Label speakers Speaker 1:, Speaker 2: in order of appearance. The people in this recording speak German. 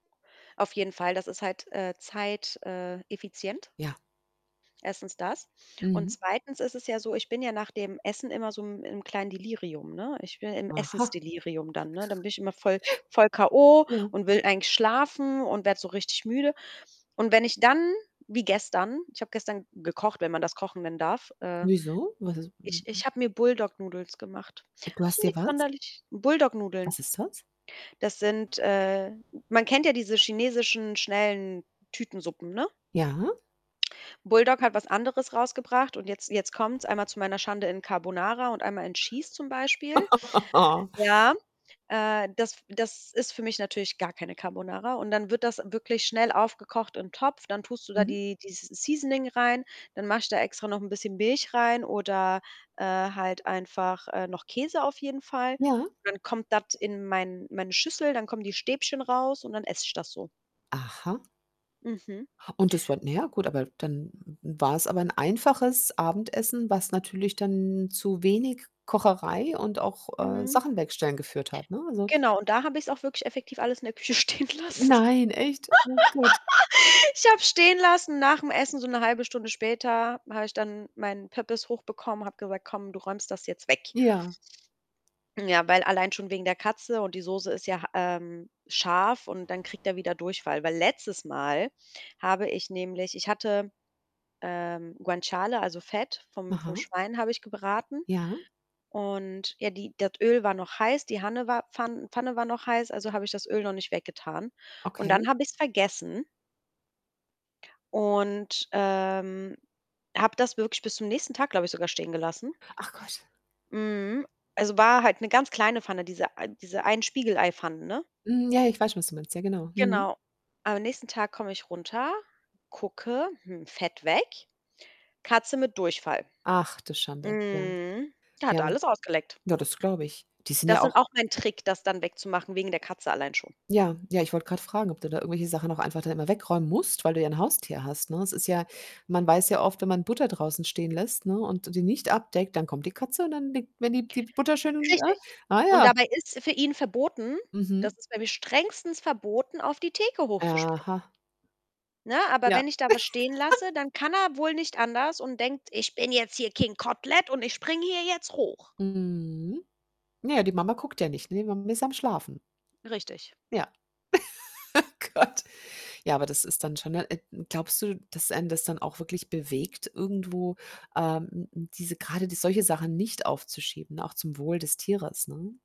Speaker 1: Auf jeden Fall, das ist halt, äh, zeit äh, effizient.
Speaker 2: Ja.
Speaker 1: 1. das und
Speaker 2: Mhm.
Speaker 1: 2. ist es ja so, ich bin ja nach dem Essen immer so 'n im kleinen Delirium, ne? Ich bin im
Speaker 2: Aha.
Speaker 1: Essensdelirium dann, ne? Dann bin ich immer voll voll k.o.
Speaker 2: Ja.
Speaker 1: und will eigentlich schlafen und werde so richtig müde. Und wenn ich dann wie gestern ich habe gestern gekocht, wenn man das kochen nennen darf, äh,
Speaker 2: Wieso? Was is w
Speaker 1: ich
Speaker 2: w
Speaker 1: ich habe mir Buldak Noodles gemacht.
Speaker 2: Du
Speaker 1: Also
Speaker 2: hast dir
Speaker 1: nix
Speaker 2: was?
Speaker 1: sonderlich Buldak Nudeln.
Speaker 2: Was ist das?
Speaker 1: Das sind äh, man kennt ja diese chinesischen schnellen Tütensuppen, ne?
Speaker 2: Ja?
Speaker 1: Buldak hat was anderes rausgebracht, und jetzt jetzt kommt's, einmal zu meiner Schande in Carbonara und einmal in Cheese zum Beispiel. Ja äh, das das ist für mich natürlich gar keine Carbonara. Und dann wird das wirklich schnell aufgekocht im Topf, dann tust du da
Speaker 2: Mhm.
Speaker 1: die dieses seasoning rein. Dann mache ich da extra noch 'n bisschen Milch rein oder, äh, halt einfach, äh, noch Käse auf jeden Fall.
Speaker 2: Ja.
Speaker 1: Dann kommt das in mein meine Schüssel, dann kommen die Stäbchen raus und dann esse ich das so.
Speaker 2: Aha.
Speaker 1: Mhm.
Speaker 2: Und das war na ja, gut, aber dann n war's aber 'n einfaches Abendessen, was natürlich dann zu wenig Kocherei und auch, äh,
Speaker 1: Mhm.
Speaker 2: Sachen wegstellen geführt hat, ne? Also
Speaker 1: Genau, und da habe ich's auch wirklich effektiv alles in der Küche stehen
Speaker 2: Ne
Speaker 1: lassen.
Speaker 2: Nein, echt? Oh Gott.
Speaker 1: Ich habe es stehen lassen nach 'm Essen, so 'ne 1/2 Stunde später habe ich dann meinen Pöppes hochbekommen, habe gesagt: „Komm, du räumst das jetzt weg.“
Speaker 2: Ja.
Speaker 1: Ja, weil allein schon wegen der Katze, und die Soße ist ja, ähm, scharf und dann kriegt er wieder Durchfall. Weil letztes Mal habe ich nämlich ich hatte ähm, Guanciale, also, Fett vom vom
Speaker 2: Aha.
Speaker 1: Schwein habe ich gebraten.
Speaker 2: Ja.
Speaker 1: Und ja, die das Öl war noch heiß, die Hanne war Pfan Pfanne war noch heiß, also habe ich das Öl noch nicht weg getan. Und dann
Speaker 2: Okay.
Speaker 1: habe ich's vergessen. Und, ähm, habe das wirklich bis zum nächsten Tag, glaube ich, sogar stehen gelassen.
Speaker 2: Ach Gott.
Speaker 1: Mhm. Also, war halt 'ne ganz kleine Pfanne, diese ei diese Ein-Spiegelei-Pfannen, ne?
Speaker 2: Hm, ja, ich weiß schon, was du meinst. Ja, genau. Mhm.
Speaker 1: Genau. Am nächsten Tag komme ich runter, gucke, hm, Fett weg. Katze mit Durchfall.
Speaker 2: Ach, du Schande, ja.
Speaker 1: Mhm. Der hat
Speaker 2: Ja.
Speaker 1: alles ausgeleckt.
Speaker 2: Ja, das glaube ich. Die sind
Speaker 1: Das
Speaker 2: ja
Speaker 1: sind
Speaker 2: auch
Speaker 1: auch mein Trick, das dann wegzumachen, wegen der Katze allein schon.
Speaker 2: Ja, ja, ich wollte grad fragen, ob du da irgendwelche Sachen noch einfach dann immer wegräumen musst, weil du ja 'n Haustier hast, ne? Es ist ja man weiß ja oft, wenn man Butter draußen stehen lässt, ne, und d die nicht abdeckt, dann kommt die Katze und dann leckt [unintelligible] die Butter schön und, äh
Speaker 1: Richtig.
Speaker 2: ah
Speaker 1: Und
Speaker 2: ja.
Speaker 1: dabei ist es für ihn verboten,
Speaker 2: Mhm.
Speaker 1: das ist bei mir strengstens verboten, auf die Theke hochzuspringen
Speaker 2: Aha.
Speaker 1: ne? Aber
Speaker 2: Ja.
Speaker 1: wenn ich da was stehen lasse, dann kann er wohl nicht anders und denkt: „Ich bin jetzt hier 'King Kotelett' und ich springe hier jetzt hoch.“
Speaker 2: Mhm. Ja, die Mama guckt ja nicht, ne, Mami ist am Schlafen.
Speaker 1: Richtig.
Speaker 2: Ja. Oh Gott. Ja, aber das ist dann schon, äh, n glaubst du, dass einen das dann auch wirklich bewegt, irgendwo, ähm, n n diese grade die solche Sachen nicht aufzuschieben, auch zum Wohl des Tieres, ne?